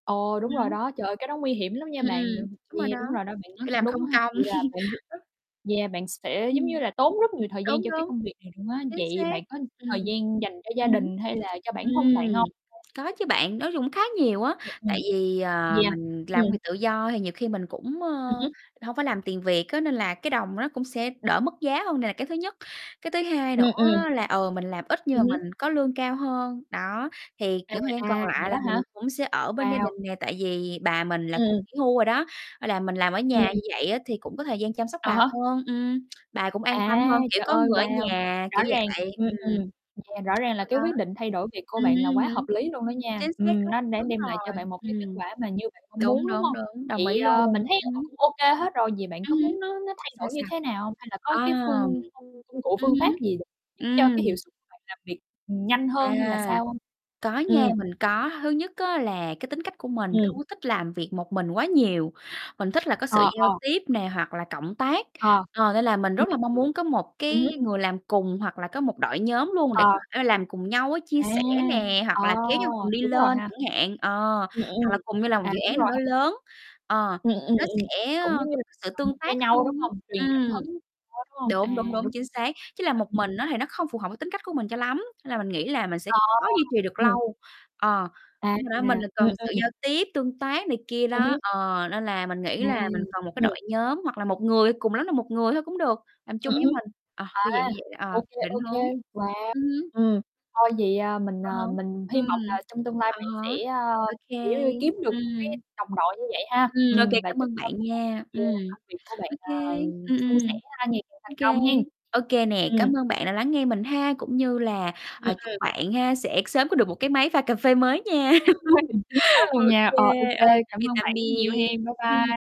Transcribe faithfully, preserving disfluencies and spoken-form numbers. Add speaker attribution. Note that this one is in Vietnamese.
Speaker 1: Ồ,
Speaker 2: Ừm
Speaker 1: đúng rồi
Speaker 2: hứm.
Speaker 1: đó. Trời ơi, cái đó nguy hiểm lắm nha,
Speaker 2: Ừm,
Speaker 1: bạn
Speaker 2: ừm,
Speaker 1: đừng
Speaker 2: đúng rồi đó,
Speaker 1: yeah, đúng rồi đó, bạn nói
Speaker 2: kiểu
Speaker 1: cũng
Speaker 2: làm
Speaker 1: đúng qua
Speaker 2: không
Speaker 1: ha.
Speaker 2: công.
Speaker 1: Vậy là bạn rất
Speaker 2: Rất
Speaker 1: yeah, bạn sẽ, giống như
Speaker 2: Ừm.
Speaker 1: là, tốn rất nhiều thời gian
Speaker 2: Đúng,
Speaker 1: cho cái
Speaker 2: đúng,
Speaker 1: công việc này luôn á.
Speaker 2: chính
Speaker 1: Vậy
Speaker 2: xác,
Speaker 1: bạn có
Speaker 2: ừm,
Speaker 1: thời gian dành cho gia
Speaker 2: ừm hứm.
Speaker 1: đình hay là cho bản thân
Speaker 2: Ừm,
Speaker 1: bạn hông?
Speaker 2: có chứ
Speaker 1: Hay
Speaker 2: bạn, nói chung cũng khá nhiều á,
Speaker 1: [unintelligible]
Speaker 2: tại
Speaker 1: Ừm.
Speaker 2: vì, ờ,
Speaker 1: Yeah,
Speaker 2: mình làm công
Speaker 1: ừm.
Speaker 2: việc tự do thì nhiều khi mình cũng,
Speaker 1: Ừm
Speaker 2: ơ,
Speaker 1: hứm.
Speaker 2: hông phải làm tiền Việt á, nên là cái đồng nó cũng sẽ đỡ mất giá hơn, đây là cái thứ nhất. Cái thứ hai nữa
Speaker 1: Ừm, ừm.
Speaker 2: á là, ờ, mình làm ít nhưng
Speaker 1: Ừm
Speaker 2: mà
Speaker 1: hứm.
Speaker 2: mình có lương cao hơn, đó. Thì
Speaker 1: À,
Speaker 2: những thời gian còn
Speaker 1: à, vậy
Speaker 2: lại
Speaker 1: đó
Speaker 2: là mình
Speaker 1: hả?
Speaker 2: cũng sẽ ở bên gia
Speaker 1: Wow!
Speaker 2: đình nè, tại vì bà mình là cũng
Speaker 1: Ừm.
Speaker 2: nghỉ hưu rồi đó, nên là mình làm ở nhà như
Speaker 1: [unintelligible]
Speaker 2: vậy á, thì cũng có thời gian chăm sóc
Speaker 1: À
Speaker 2: bà
Speaker 1: há.
Speaker 2: hơn, ừm, bà cũng an tâm
Speaker 1: À,
Speaker 2: hơn, kiểu,
Speaker 1: trời
Speaker 2: có
Speaker 1: ơi,
Speaker 2: người ở
Speaker 1: wow!
Speaker 2: nhà,
Speaker 1: Rõ
Speaker 2: kiểu
Speaker 1: ràng
Speaker 2: vậy,
Speaker 1: ừm,
Speaker 2: ừm.
Speaker 1: ừm. Nè, rõ ràng là
Speaker 2: Rồi đó.
Speaker 1: cái quyết định thay đổi việc của
Speaker 2: ừm
Speaker 1: bạn là
Speaker 2: hưm, ừm
Speaker 1: quá hợp
Speaker 2: hứm,
Speaker 1: lý luôn đó nha,
Speaker 2: chính xác
Speaker 1: ừm,
Speaker 2: đó,
Speaker 1: nó đã
Speaker 2: đúng
Speaker 1: đem lại cho
Speaker 2: rồi,
Speaker 1: bạn một cái kết
Speaker 2: ừm,
Speaker 1: quả mà như bạn mong
Speaker 2: đúng,
Speaker 1: muốn, đúng
Speaker 2: đúng,
Speaker 1: hông?
Speaker 2: đúng, đồng
Speaker 1: Vậy,
Speaker 2: ý
Speaker 1: ơơ,
Speaker 2: luôn,
Speaker 1: mình thấy,
Speaker 2: ừm
Speaker 1: ờ,
Speaker 2: hứm.
Speaker 1: cũng ô kê hết rồi, vậy bạn
Speaker 2: Ừm
Speaker 1: có
Speaker 2: hưm,
Speaker 1: muốn nó nó thay
Speaker 2: sao,
Speaker 1: đổi như
Speaker 2: sao?
Speaker 1: thế nào hông? Hay là có cái
Speaker 2: Ờm,
Speaker 1: phương công công cụ,
Speaker 2: ừm
Speaker 1: phương pháp
Speaker 2: hứm,
Speaker 1: gì để giúp cho cái
Speaker 2: ừm.
Speaker 1: hiệu suất bạn làm việc, ưm, nhanh hơn hay là
Speaker 2: À,
Speaker 1: sao hông?
Speaker 2: có nha,
Speaker 1: Ừm.
Speaker 2: mình có. Thứ nhất á là cái tính cách của mình không
Speaker 1: Ừm.
Speaker 2: có thích làm việc một mình quá nhiều, mình thích là có sự
Speaker 1: Ờ,
Speaker 2: giao
Speaker 1: ờ.
Speaker 2: tiếp nè, hoặc là cộng tác.
Speaker 1: Ờ.
Speaker 2: Ờ, nên là mình
Speaker 1: Ừm,
Speaker 2: rất
Speaker 1: ừm.
Speaker 2: là mong muốn có một
Speaker 1: Ừm
Speaker 2: cái
Speaker 1: hứm.
Speaker 2: người làm cùng hoặc là có một đội nhóm luôn để có
Speaker 1: Ờ.
Speaker 2: thể là làm cùng nhau á, chia
Speaker 1: À,
Speaker 2: sẻ nè,
Speaker 1: ờ,
Speaker 2: hoặc là kéo nhau cùng đi
Speaker 1: đúng rồi
Speaker 2: lên
Speaker 1: ha.
Speaker 2: chẳng hạn, ờ,
Speaker 1: Ưm,
Speaker 2: hoặc là
Speaker 1: ừm.
Speaker 2: cùng nhau làm một
Speaker 1: À,
Speaker 2: dự
Speaker 1: đúng
Speaker 2: án
Speaker 1: rồi
Speaker 2: nào đó
Speaker 1: ha.
Speaker 2: lớn, ờ,
Speaker 1: Ừm, ưm,
Speaker 2: nó
Speaker 1: ừm.
Speaker 2: sẽ, ơ,
Speaker 1: Cũng giống như
Speaker 2: có sự
Speaker 1: động lực
Speaker 2: tương
Speaker 1: cho
Speaker 2: tác
Speaker 1: nhau,
Speaker 2: hơn
Speaker 1: đúng hông?
Speaker 2: á,
Speaker 1: Truyền cảm
Speaker 2: ừm.
Speaker 1: hứng đó, đúng hông?
Speaker 2: Đúng, đúng,
Speaker 1: À,
Speaker 2: đúng,
Speaker 1: đúng
Speaker 2: chính xác, chứ làm
Speaker 1: ha,
Speaker 2: một
Speaker 1: [unintelligible]
Speaker 2: mình á thì nó không phù hợp với tính cách của mình cho lắm, nên là mình nghĩ là mình sẽ
Speaker 1: Ờ,
Speaker 2: khó duy trì được
Speaker 1: ừm.
Speaker 2: lâu. Ờ,
Speaker 1: À!
Speaker 2: đúng rồi đó, mình là
Speaker 1: Ừm,
Speaker 2: cần sự
Speaker 1: ừm.
Speaker 2: giao tiếp, tương tác này kia
Speaker 1: Ừm
Speaker 2: đó,
Speaker 1: hứm.
Speaker 2: ờ, nên là mình
Speaker 1: À,
Speaker 2: nghĩ là mình cần một cái
Speaker 1: ừm.
Speaker 2: đội nhóm hoặc là một người, cùng lắm là một người thôi cũng được, làm chung với
Speaker 1: [unintelligible]
Speaker 2: mình. Ờ,
Speaker 1: À,
Speaker 2: kiểu dạng như vậy,
Speaker 1: ô
Speaker 2: ờ,
Speaker 1: kê,
Speaker 2: định
Speaker 1: ô kê.
Speaker 2: hướng
Speaker 1: Wow!
Speaker 2: ừm hứm,
Speaker 1: Ừm, thôi vậy, a, mình,
Speaker 2: ờ há,
Speaker 1: à, mình hy
Speaker 2: ừm,
Speaker 1: vọng là trong tương lai
Speaker 2: à
Speaker 1: bạn
Speaker 2: há,
Speaker 1: sẽ, ơ,
Speaker 2: ô kê,
Speaker 1: kiểu, giống như, kiếm được một cái
Speaker 2: ừm.
Speaker 1: đồng đội như vậy ha.
Speaker 2: Ừm, ô kê,
Speaker 1: Ừm, và
Speaker 2: cảm
Speaker 1: chúc
Speaker 2: ơn
Speaker 1: cho
Speaker 2: bạn nha.
Speaker 1: yeah,
Speaker 2: Ừm,
Speaker 1: công việc của bạn,
Speaker 2: ô kê,
Speaker 1: ờm,
Speaker 2: ừm,
Speaker 1: suôn
Speaker 2: ừm.
Speaker 1: sẻ ha, ngày càng thành
Speaker 2: Ô kê,
Speaker 1: công hen,
Speaker 2: ô kê nè,
Speaker 1: ừm.
Speaker 2: cảm ơn bạn đã lắng nghe mình ha, cũng như là,
Speaker 1: Ừm,
Speaker 2: ờ, chúc
Speaker 1: ừm.
Speaker 2: bạn ha, sẽ sớm có được một cái máy pha cà phê mới nha.
Speaker 1: [unintelligible] Chính xác
Speaker 2: Ô
Speaker 1: luôn nha,
Speaker 2: kê,
Speaker 1: ờ, ô kê,
Speaker 2: ờ, tạm
Speaker 1: cảm
Speaker 2: biệt,
Speaker 1: ơn
Speaker 2: tạm
Speaker 1: bạn rất nhiều
Speaker 2: biệt,
Speaker 1: hen, bye
Speaker 2: ừm.
Speaker 1: bye.